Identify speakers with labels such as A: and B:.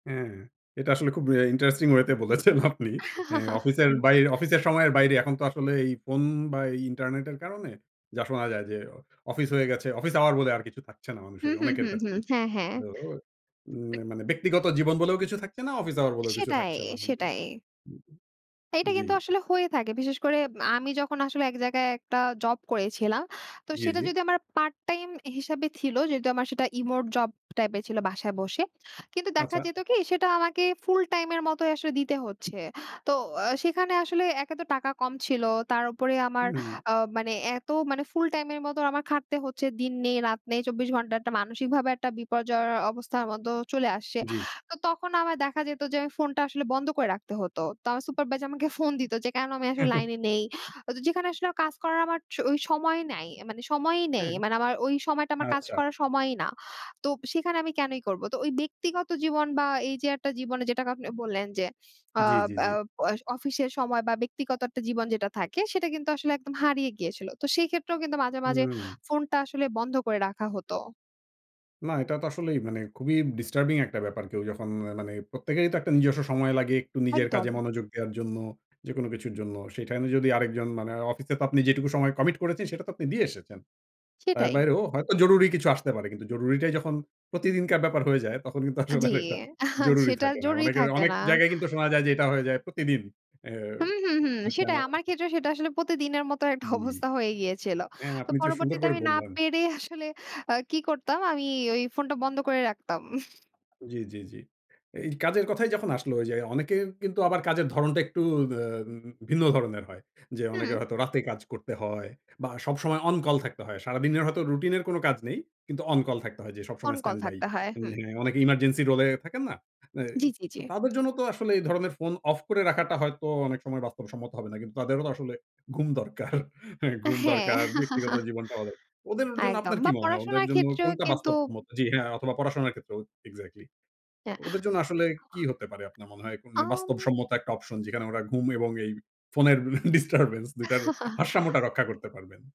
A: হ্যাঁ, এটা আসলে খুব অ্যা ইন্টারেস্টিং ওয়েতে বলেছেন আপনি। অ্যা অফিসের বাইরে অফিসের সময়ের বাইরে এখন তো আসলে এই ফোন বা এই ইন্টারনেট এর কারণে যা শোনা যায় যে, অফিস হয়ে গেছে, অফিস আওয়ার বলে আর কিছু থাকছে না,
B: হু,
A: মানুষের
B: হু,
A: অনেকের
B: হু, হু,
A: কাছে।
B: হ্যাঁ হ্যাঁ।
A: তো উম মানে ব্যক্তিগত জীবন বলেও কিছু থাকছে না, অফিস আওয়ার বলেও কিছু
B: সেটাই,
A: থাকছে না। হু, হু।
B: সেটাই।
A: হু, হু।
B: এটা
A: জি।
B: কিন্তু আসলে হয়ে থাকে। বিশেষ করে আমি যখন আসলে এক জায়গায় একটা জব করেছিলাম। তো
A: জি,
B: সেটা
A: জি।
B: যদি আমার পার্ট টাইম হিসাবে ছিল, যেহেতু আমার সেটা রিমোট জব টাইপের ছিল বাসায় বসে। কিন্তু দেখা
A: আচ্ছা।
B: যেত কি সেটা আমাকে ফুল টাইম এর মতই আসলে দিতে হচ্ছে। তো সেখানে আসলে একে তো টাকা কম ছিল। তার উপরে আমার
A: হুম।
B: আ মানে এত মানে ফুল টাইম এর মত আমার খাটতে হচ্ছে দিন নেই, রাত নেই, ২৪ ঘন্টা, একটা মানসিকভাবে একটা বিপর্যয়ের অবস্থার মত চলে আসছে।
A: জি।
B: তো তখন আমার দেখা যেত যে, আমি ফোনটা আসলে বন্ধ করে রাখতে হতো। তো আমার সুপারভাইজার আমাকে ফোন দিত যে, কেন আমি আসলে লাইনে নেই। যেখানে আসলে কাজ করার আমার ওই সময় নাই। মানে সময়ই নেই।
A: হ্যাঁ।
B: মানে আমার ওই সময়টা, আমার কাজ
A: আচ্ছা।
B: করার সময়ই না। তো সেখানে আমি কেনই করবো? তো ওই ব্যক্তিগত জীবন বা এই যে একটা জীবনে যেটাকে আপনি বললেন যে। আ
A: জি, জি,
B: অ্যা
A: জি।
B: আ অফিসের সময় বা ব্যক্তিগত একটা জীবন যেটা থাকে, সেটা কিন্তু আসলে একদম হারিয়ে গিয়েছিল। তো সেই ক্ষেত্রেও কিন্তু মাঝে, মাঝে
A: হুম।
B: ফোনটা আসলে বন্ধ করে রাখা হত।
A: না, এটা তো আসলেই মানে খুবই ডিস্টার্বিং একটা ব্যাপার। কেউ যখন মানে প্রত্যেকেরই তো একটা নিজস্ব সময় লাগে, একটু নিজের
B: একদম।
A: কাজে মনোযোগ দেওয়ার জন্য যেকোনো কিছুর জন্য। সে টাইমে যদি আরেকজন মানে অফিসে তো আপনি যেটুকু সময় কমিট করেছেন, সেটা তো আপনি দিয়ে এসেছেন। তার
B: সেটাই।
A: বাইরেও হয়তো জরুরি কিছু আসতে পারে। কিন্তু জরুরিটাই যখন প্রতিদিনকার ব্যাপার হয়ে যায়, তখন কিন্তু আসলে
B: জি,
A: আর এটা জরুরি
B: সেটা
A: থাকে না।
B: জরুরি
A: অনেকের
B: থাকে
A: অনেক
B: না।
A: জায়গায় কিন্তু শোনা যায় যে, এটা হয়ে যায় প্রতিদিন
B: হুম, হুম, হুম।
A: অ্যা
B: সেটাই
A: [unintelligible]
B: আমার ক্ষেত্রে সেটা আসলে প্রতিদিনের মতো একটা
A: জি।
B: অবস্থা হয়ে গিয়েছিল।
A: হ্যাঁ,
B: তো
A: আপনি তো সুন্দর
B: পরবর্তীতে
A: করে
B: আমি না
A: বললাম।
B: পেরে আসলে আ কি করতাম? আমি ওই ফোনটা বন্ধ করে রাখতাম।
A: জি, জি, জি। এই কাজের কথাই যখন আসলো ওই যে, অনেকের কিন্তু আবার কাজের ধরনটা একটু আ ভিন্ন ধরনের হয়। যে অনেকে
B: হুম।
A: হয়তো রাতে কাজ করতে হয় বা সবসময় অন কল থাকতে হয়। সারাদিনের হয়তো রুটিন এর কোন কাজ নেই। কিন্তু অন কল থাকতে হয় যে,
B: অন
A: সবসময়
B: কল
A: স্ট্যান্ডবাই,
B: থাকতে হয়। হুম।
A: অনেকে এমার্জেন্সি রোল এ থাকেন না? অ্যা
B: জি, জি, জি।
A: তো তাদের জন্য তো আসলে এই ধরনের ফোন অফ করে রাখাটা হয়তো অনেক সময় বাস্তব সম্মত হবে না। কিন্তু তাদেরও তো আসলে ঘুম দরকার। ঘুম
B: হ্যাঁ।
A: দরকার। ব্যক্তিগত জীবনটা। ওদের জন্য
B: একদম
A: আপনার কি
B: বা
A: মনে হয়? ওদের
B: পড়াশোনার
A: জন্য
B: ক্ষেত্রেও
A: কোনটা
B: কিন্তু
A: বাস্তব সম্মত? জি, হ্যাঁ, অথবা পড়াশোনার ক্ষেত্রেও এক্সাক্টলি।
B: এ
A: ওদের জন্য আসলে কি
B: [unintelligible]
A: হতে পারে, আপনার মনে হয়? বাস্তব
B: আম
A: সম্মত একটা অপশন, যেখানে ওরা ঘুম এবং এই ফোনের ডিস্টার্বেন্স ২ টার ভারসাম্যটা রক্ষা করতে পারবেন?